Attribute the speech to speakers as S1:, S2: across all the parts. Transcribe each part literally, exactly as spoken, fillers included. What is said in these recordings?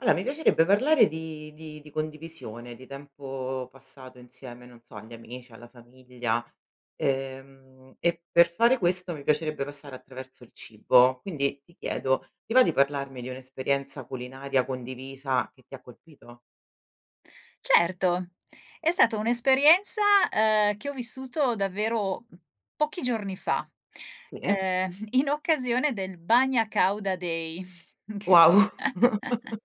S1: aloa mi piacerebbe parlare di di di condivisione, di tempo passato insieme, non so, agli amici, alla famiglia, ehm, e per fare questo mi piacerebbe passare attraverso il cibo. Quindi ti chiedo, ti va di parlarmi di un'esperienza culinaria condivisa che ti ha colpito?
S2: Certo, è sato un'esperienza, ehm, che ho vissuto davvero, mhmm, pochi giorni fa,
S1: Sì.
S2: ehm, in occasione del Bagna Càuda Day, che
S1: Wow.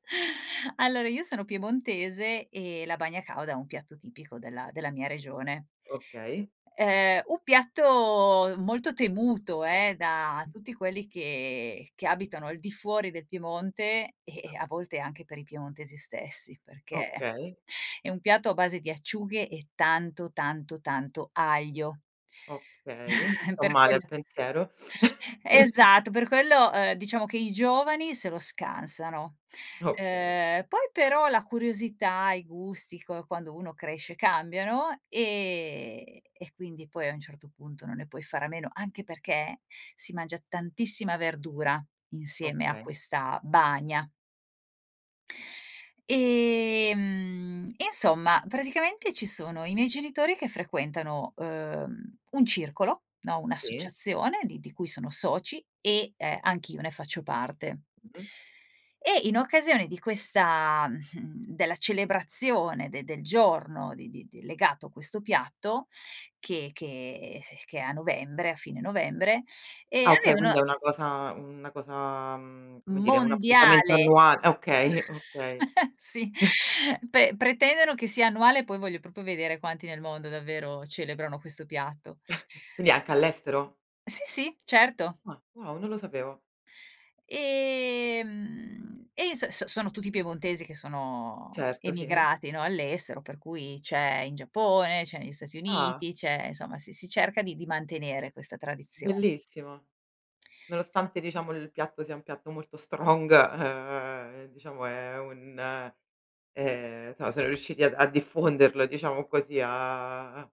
S2: allora io sono piemontese e la bagna càuda è un piatto tipico della della mia regione,
S1: Okay.
S2: ehm, un piatto molto temuto eh, da tutti quelli che che abitano al di fuori del Piemonte e e a volte anche per i piemontesi stessi perché
S1: Okay.
S2: è un piatto a base di acciughe e tanto, tanto, tanto aglio.
S1: Okay. Ho
S2: Per
S1: male al
S2: quella
S1: pensiero.
S2: esatto, per quello, ehm, diciamo che i giovani se lo scansano,
S1: Okay.
S2: ehm, poi però la curiosità, i gusti q quando uno cresce cambiano, ehm, e quindi poi a un certo punto non ne puoi fare a meno, anche perché si mangia tantissima verdura insieme a
S1: Okay.
S2: questa bagna. E, mhmm, insomma praticamente ci sono i miei genitori che frequentano, uhm, un circolo, no,
S1: Sì.
S2: un'associazione di di cui sono soci e, ehm, anch'io ne faccio parte.
S1: Mh.
S2: E in occasione di questa, mhmm, della celebrazione de del giorno di di di legato a questo piatto che che s che è a novembre a fine novembre e
S1: Ah okay
S2: avevno.
S1: quindi è una cosa una cosa, mhmm, come dire un appuntamento
S2: Mondiale.
S1: annual ah okay, okay.
S2: sì, pe pretendono che sia annuale poi voglio propo vedere quanti nel mondo davvero celebrano questo piatto.
S1: Quindi anche all'estero?
S2: Sì, sì, certo.
S1: Ah wow! Non lo sapevo.
S2: E mhmm, e s s sono tutti piemontesi che sono
S1: Certo sì, eh.
S2: emigrati, no, all'estero per cui c'è in Giappone, c'è nei Stati
S1: Ah!
S2: Uniti, c'è insomma, si si cerca di di mantenere questa tradizione.
S1: Bellissimo. Nonostante diciamo il piatto sia un piatto molto strong, ehm, diciamo è un ehm, so so riusciti ad a diffonderlo, diciamo così, a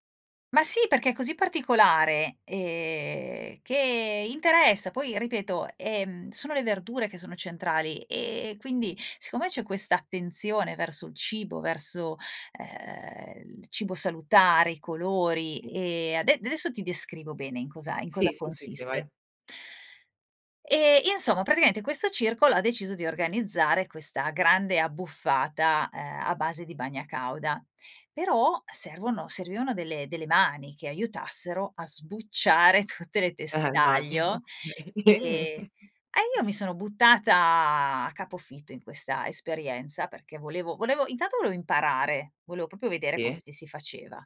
S2: Ma sì perché è così particolare, ehm, che interessa poi ripeto, ehm, sono le verdure che sono centrali e quindi siccome c'è questa attenzione verso il cibo, verso, ehm, il cibo salutare, i colori
S1: tì.
S2: e ade desso ti descrivo bene in cosa in cosa
S1: Sì, sì, sì, sì,
S2: consiste.
S1: vai.
S2: Ehm, insomma, praticaente questo circolo ha deciso di organizzare questa grande abbuffata, ehm, a base di bagna càuda, però servono servivano delle delle mani che aiutassero a sbucciare tutte le teste
S1: Eh magino
S2: d'aglio
S1: okay.
S2: e eh io mi sono buttata a capofitto in questa esperienza perché volevo volevo intanto voleo imparare, voleo propio vedere come
S1: tì.
S2: si si faceva.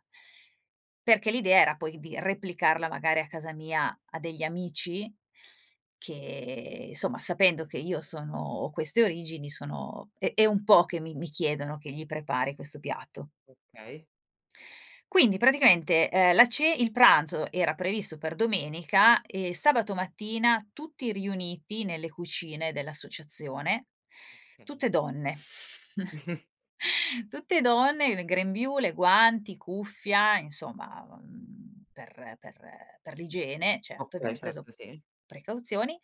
S2: Perché l'idea era poi di replicarla magari a casa mia a degli amici che isomma sapendo che io sono ho queste origini, sono è è un po' che mi mi chiedono che gli prepari questo piatto.
S1: Okay.
S2: Quindi praticamente, ehm, la ce il pranzo era previsto per domenica e il sabato mattina tutti riuniti nelle cucine dell'associazione.
S1: Okay.
S2: Tutte donne, tutte donne, il grembiule, guanti, cuffia, insomma, mhmm, per per per l'igiene, certo,
S1: Okay,
S2: abbiam preso
S1: certo, sì.
S2: precauzioni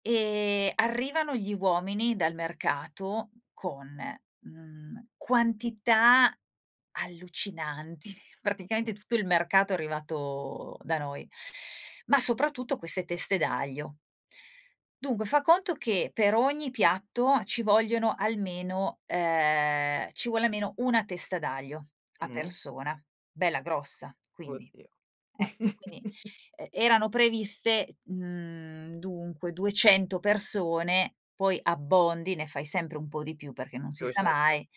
S2: e arrivano gli uomini dal mercato con, mhmm, quantità allucinanti, praticaente
S1: Mh.
S2: tutto il mercato è arrivato da noi. Ma soprattutto queste teste d'aglio. Dunque fa conto che per ogni piatto ci vogliono almeno ehm, ci vuole a meno una testa d'aglio a
S1: Mh.
S2: persona, bella grossa, quindi
S1: Oddio.
S2: ecco, quindi e erano previste mhmm, dunque duecento persone, poi abbondi, ne fai sempre un po' di più, perché non si sa
S1: [unintelligible]
S2: mai.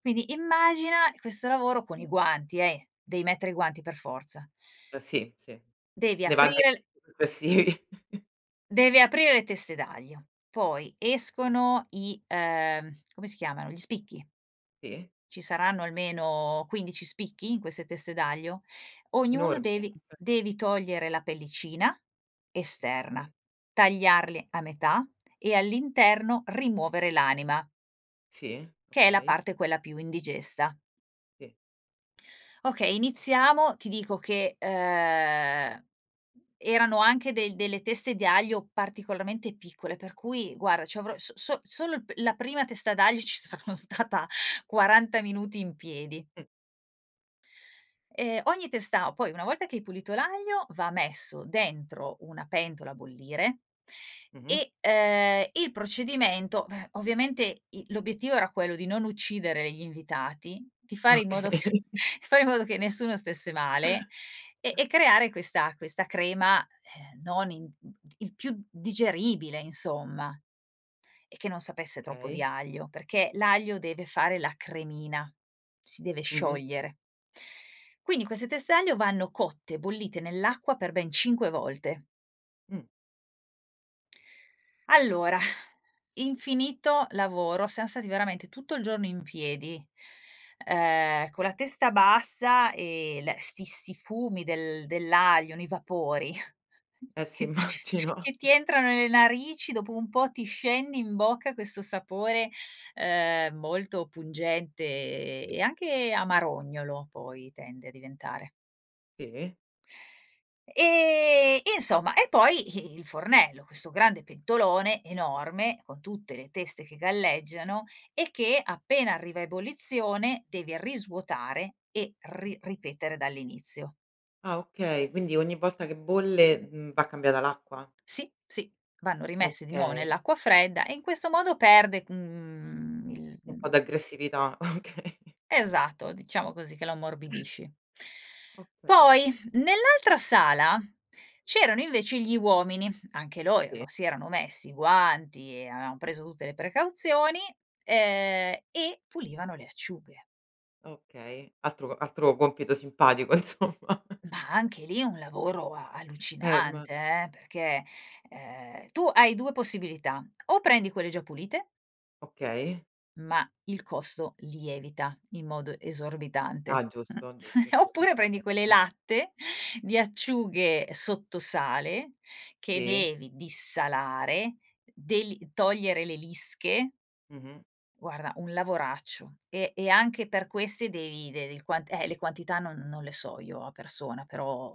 S2: Quindi immagina questo lavoro, con i guanti eh, dei mettere guanti per forza.
S1: Eh sì, sì,
S2: Devi
S1: ne va de
S2: aprire l
S1: pe sì.
S2: devi aprire le teste d'aglio. Poi escono i ehm, come si chiamano, gli spicchi.
S1: tì.
S2: Ci saranno almeno quindici spicchi in queste teste d'aglio. Ognuno
S1: Enormi?
S2: devi devi togliere la pellicina esterna,
S1: kay.
S2: tagliarli a metà e all'interno rimuovere l'anima.
S1: Sì.
S2: Che è la
S1: Okay.
S2: parte quella più indigesta.
S1: tì.
S2: Okay, iniziamo, ti dico che, ehm, erano anche del delle teste di aglio particolarmente piccole per cui guara c'avrò so so solo il p la prima testa d'aglio ci saranno stata quaranta minuti in piedi.
S1: Mh.
S2: E ogni testa poi una volta che hai pulito l'aglio va messo dentro una pentola a bollire
S1: Mh-mh.
S2: e, ehm, il procedimento v ovviamente i l'obiettivo era quello di non uccidere gli invitati, di fare in modo
S1: Okay.
S2: fare in modo che nessuno stesse male e e creare questa questa crema, ehm, non in mhmm, t il più digeribile insomma e che non sapesse troppo di
S1: kay.
S2: aglio, perché l'aglio deve fare la cremina, si deve
S1: Mh-mh.
S2: sciogliere. Quindi queste teste aglio vanno cotte, bollite nell'acqua, per ben cinque volte.
S1: Mh.
S2: Allora, infinito lavoro, siam stati veramente tutto il giorno in piedi, ehm, con la testa bassa e l sti sti fumi del dell'aglio, nei vapori
S1: Eh sì
S2: che
S1: immagino.
S2: che ti entrano nelle narici dopo un po' ti scende in bocca questo sapore, ehm, molto pungente e
S1: Sì.
S2: e anche amarognolo poi tende a diventare.
S1: E
S2: E e insomma e poi i il fornello, questo grande pentolone enorme con tutte le teste che galleggiano e che appena arriva a ebollizione devi risvuotare e ri ripetere dall'inizio.
S1: Ah, okay, quindi ogni volta che bolle, mhmm, va cambiata l'acqua?
S2: Sì, sì vanno rimessi di nuovo
S1: Okay.
S2: nell'acqua fredda e in questo modo perde, mhmm, il
S1: Un po' d'aggressività, okay.
S2: Esatto diciamo così che lo ammorbidisci.
S1: Okay.
S2: Poi nell'altra sala c'erano invece gli uomini. Anche loro
S1: Sì.
S2: si erano messi i guanti e avevan preso tutte le precauzioni, ehm, e pulivano le acciughe.
S1: Okay. Altro altro compito simpatico insomma.
S2: Ma anche lì un lavoro a
S1: Eh imma
S2: allucinante eh, perché, ehm, tu hai due possibilità o prendi quelle già pulite
S1: Okay.
S2: ma il costo lievita in modo esorbitante
S1: Ah, giusto, giusto
S2: oppure
S1: sicuramente,
S2: prendi quelle
S1: eh.
S2: latte, di acciughe sotto sale che
S1: Sì.
S2: devi dissalare deli togliere le lische
S1: Mh-mh.
S2: guarda un lavoraccio e e anche per queste devi dev le qua eh, le quantità non non le so io a persona però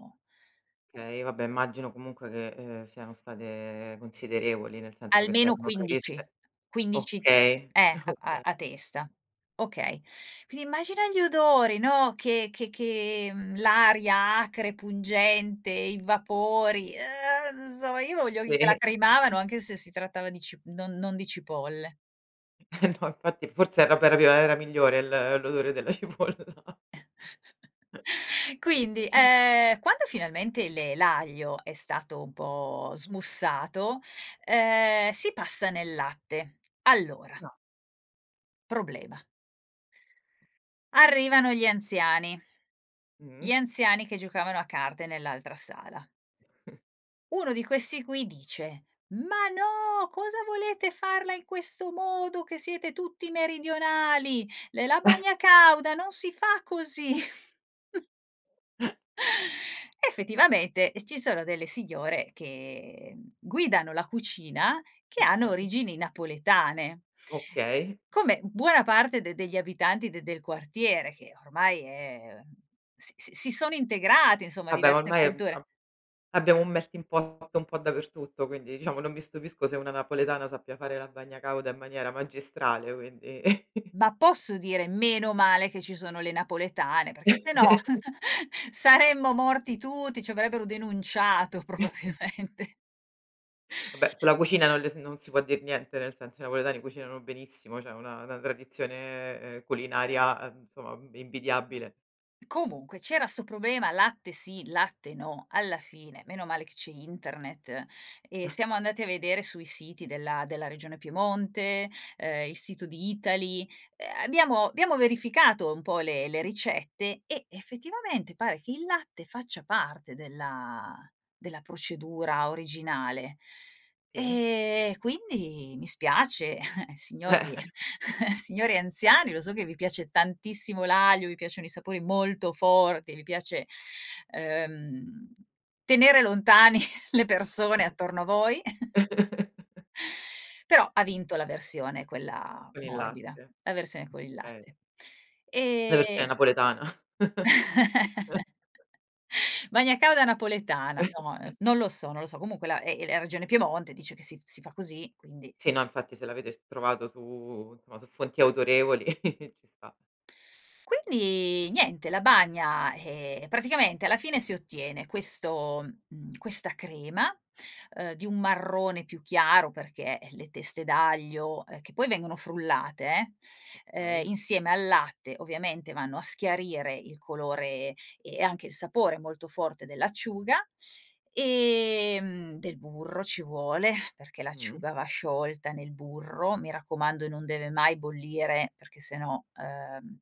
S1: Okay, vabbè immagino comunque che, ehm, siano state considerevoli, nel senso che se
S2: Almeno
S1: erano
S2: quindici
S1: previste
S2: quindici
S1: okay
S2: eh a
S1: okay.
S2: a testa okay quindi immagina gli odori, no, che che che, mhmm, l'aria acre pungente, i vapori eh insomma io voglio
S1: Se.
S2: lacrimavano anche se si trattava di cip non non di cipolle.
S1: Eh no infatti forse era prop era migliore il l'odore della cipolla.
S2: Quindi, ehm, quando finalmente le l'aglio è stato un po' smussato, ehm, si passa nel latte, allora
S1: Na.
S2: problema. Arrivano gli anziani,
S1: Mh.
S2: gli anziani che giocavano a carte nell'altra sala. Uno di questi qui dice: "Ma no, cosa volete farla in questo modo che siete tutti meridionali ne la bagna cauda non si fa così". Effettivamente ci sono delle signore che guidano la cucina che hanno
S1: Okay.
S2: origini napoletane.
S1: Okay.
S2: Come buona parte d degli abitanti d del quartiere che ormai eh, s s si sono integrati, insomma
S1: Vabbè ma
S2: diverse
S1: ormai
S2: culture.
S1: ab abbiamo [unintelligible] un po' dappertutto quindi, diciamo, non mi stupisco se una napoletana sappia fare la bagna cauda in maniera magistrale quindi.
S2: Ma posso dire meno male che ci sono le napoletane perché sennò saremmo morti tutti, ci avrebbero denunciato probabilmente.
S1: Vabbè sulla cucina non le s non si può dir niente, nel senso, i napoletani cucinano benissimo ceh, una una tradizione culinaria, uhm, nsomma invidiabile.
S2: Comunque c'era sto problema: latte sì, latte no. Alla fine meno male che c'è internet e siamo andati a vedere sui siti della della regione Piemonte, ehm il sito di Eataly, eh, abbiamo abbiamo verificato un po' le le ricette e effettivamente pare che il latte faccia parte della della procedura originale
S1: Sì.
S2: e quindi mi spiace eh,
S1: Eh
S2: signori. Signori anziani lo so che vi piace tantissimo l'aglio, vi piacciono i sapori molto forti, vi piace, ehm, tenere lontani le persone attorno a voi, però ha vinto la versione quella
S1: E il
S2: morbida,
S1: latte,
S2: la versione con il
S1: bene.
S2: latte,
S1: La
S2: ehm
S1: versione napoletana.
S2: Bagna cauda napoletana, no, non lo so, non lo so comunque è la è la regione Piemonte dice che s si fa così quindi.
S1: Sì, no infatti se l'avete s trovato su insomma, su fonti autorevoli ci sta.
S2: Quindi niente la bagna, eh, praticamente alla fine si ottiene questo, mhmm, questa crema, ehm, di un marrone più chiaro perché le teste d'aglio, eh che poi vengono frullate eh, ehm,
S1: Okay.
S2: insieme al latte ovviamente vanno a schiarire il colore e anche il sapore molto forte dell'acciuga, ehm, del burro ci vuole, perché
S1: Mh.
S2: l'acciuga va sciolta nel burro, mi raccomando non deve mai bollire perché se no, ehm,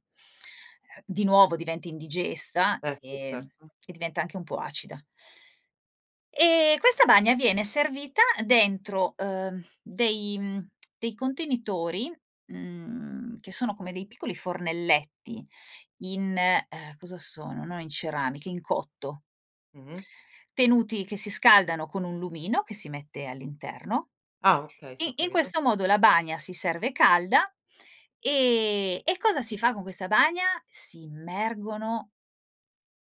S2: di nuovo diventi indigesta
S1: Eh si,
S2: e
S1: certo.
S2: e diventa anche un po' acida. E questa bagna viene servita dentro, ehm, dei dei contenitori, mhmm, che sono come dei piccoli fornelletti in ehm, cosa sono, no in ceramica, in cotto
S1: Mh-mh.
S2: tenuti che si scaldano con un lumino che si mette all'interno
S1: Ah okay, si ho
S2: e in
S1: capito.
S2: questo modo la bagna si serve calda e e cosa si fa con questa bagna? Si immergono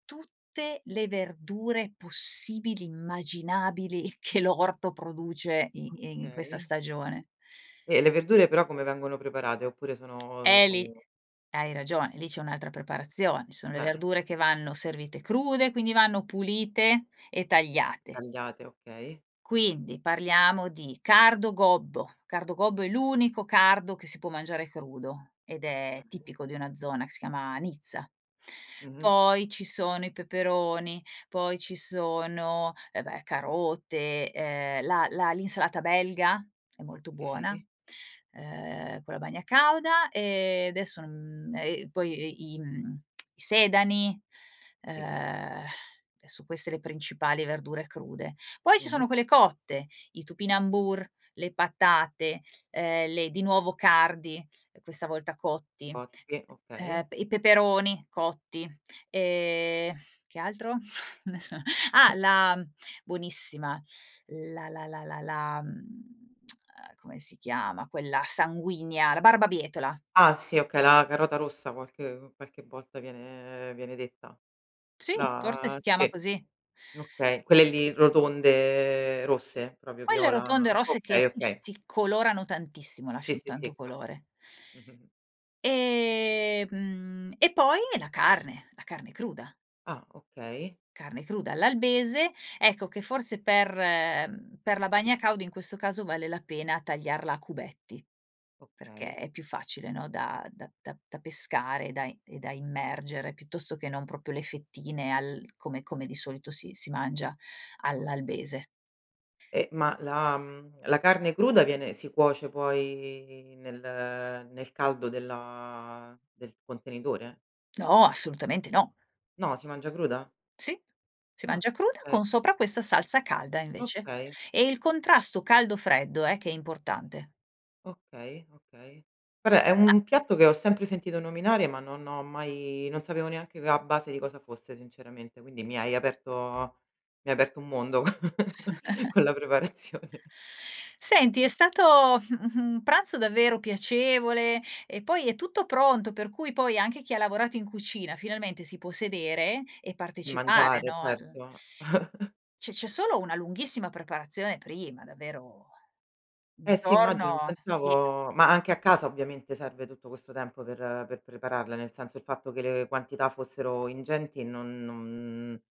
S2: tutte le verdure possibili immaginabili che l'orto produce i in questa
S1: Okay.
S2: stagione.
S1: E le verdure però come vengono preparate oppure
S2: Eh lì
S1: sono
S2: hai
S1: eh.
S2: ragione, lì c'è un'altra preparazione. Ci sono le
S1: Bene.
S2: verdure che vanno servite crude, quindi vanno pulite e tagliate.
S1: Tagliate, okay.
S2: Quindi parliamo di cardo gobbo, cardo gobbo è l'unico cardo che si può mangiare crudo ed è
S1: Okay.
S2: tipico di una zona che si chiama Nizza,
S1: Mh mh.
S2: poi ci sono i peperoni poi ci sono, eh beh, carote ehm la la l'insalata belga è molto
S1: Okay.
S2: buona, ehm, con la bagna cauda e adesso non e poi i i sedani,
S1: Sì.
S2: ehm, e son queste le principali verdure crude. Poi
S1: Mh
S2: ci
S1: mh.
S2: sono quelle cotte, i topinambur, le patate, ehm le di nuovo cardi e questa volta cotti,
S1: Cotti, okay.
S2: ehm, i peperoni cotti e che altro adesso ah la buonissima. La la la la la mhmm, ehm, come si chiama quella sanguigna, la barbabietola.
S1: Ah sì, okay la carota rossa qualche qualche volta viene viene detta
S2: Sì, forse
S1: la
S2: si chiama
S1: sì,
S2: così.
S1: okay quelle lì rotonde rosse, proprio
S2: Quelle
S1: viola,
S2: rotonde rosse che
S1: okay,
S2: s
S1: okay.
S2: si colorano tantissimo
S1: Sì,
S2: lasciano
S1: sì,
S2: tanto
S1: sì.
S2: colore,
S1: [unintelligible]
S2: e, mhmm, e poi la carne la carne cruda.
S1: Ah okay.
S2: Carne cruda all'albese ecco che forse per per la bagna cauda in questo caso vale la pena tagliarla a cubetti perché
S1: Okay.
S2: è più facile no, da da da pescare, da i e da immergere piuttosto che non propio le fettine al come come di solito si si mangia
S1: Okay.
S2: all'albese.
S1: Eh ma la, mhmm, la carne cruda viene si cuoce poi nel nel caldo della del contenitore?
S2: No, assolutamente no.
S1: No, si mangia cruda?
S2: Sì. Si
S1: Ah,
S2: mangia cruda
S1: kay.
S2: con sopra questa salsa calda, invece,
S1: Okay.
S2: e il contrasto caldo-freddo, eh, che è importante.
S1: Okay, okay. Vabbè, è
S2: Ah.
S1: un piatto che ho sempre sentito nominare ma non ho mai non sapevo neanche c a base di cosa fosse sinceramente, quindi mi hai aperto mi hai aperto un mondo co con la preparazione.
S2: Senti è stato un pranzo davvero piacevole, e poi è tutto pronto per cui, poi, anche chi ha lavorato in cucina, finalmente, si può sedere e partecipare,
S1: Mangiare,
S2: no, al
S1: certo.
S2: C'è c'è solo una lunghissima preparazione prima, davvero, un
S1: Eh, sì, immagino non
S2: giorno pieno
S1: pensavo ma anche a casa, ovviamente, serve tutto questo tempo per per prepararla, nel senso, il fatto che le quantità fossero ingenti e non non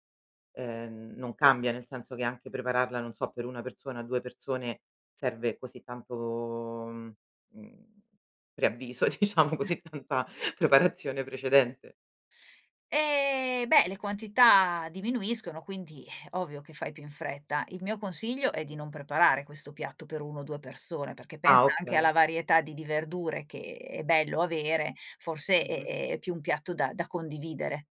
S1: ehm, non cambia, nel senso che anche prepararla, non so, per una persona, due persone, serve così tanto, mhmm, mhmm, preavviso, diciamo, così tanta preparazione precedente?
S2: Ehm, beh, le quantità diminuiscono, quindi, eh, ovvio che fai più in fretta. Il mio consiglio è di non preparare questo piatto per uno o due persone, perché pensa
S1: Ah,
S2: anche alla
S1: okay.
S2: varietà di di verdure che è bello avere, forse è
S1: Mh-mh.
S2: è è più un piatto da da condividere.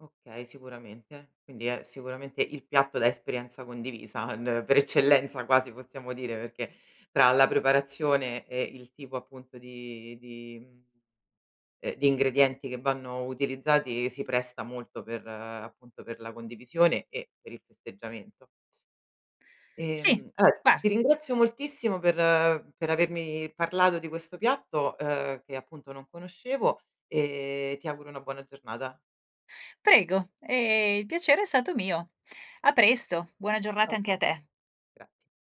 S1: Okay, sicuramente. Quindi è, sicuramente, il piatto da esperienza condivisa n per eccellenza, quasi, possiamo dire, perché tra la preparazione e il tipo, appunto, di di mhmm, ehm, di ingredienti che vanno utilizzati, si presta molto per appunto, per la condivisione e per il festeggiamento.
S2: Sì,
S1: Ehm, eh, ti
S2: guara
S1: ringrazio moltissimo per per avermi parlato di questo piatto, uhm, che, appunto, non conoscevo, e ti auguro una buona giornata.
S2: Prego, ehm, il piacere è stato mio. A presto. Buona giornata
S1: Ciao,
S2: anche a
S1: ciao.
S2: te.
S1: Graz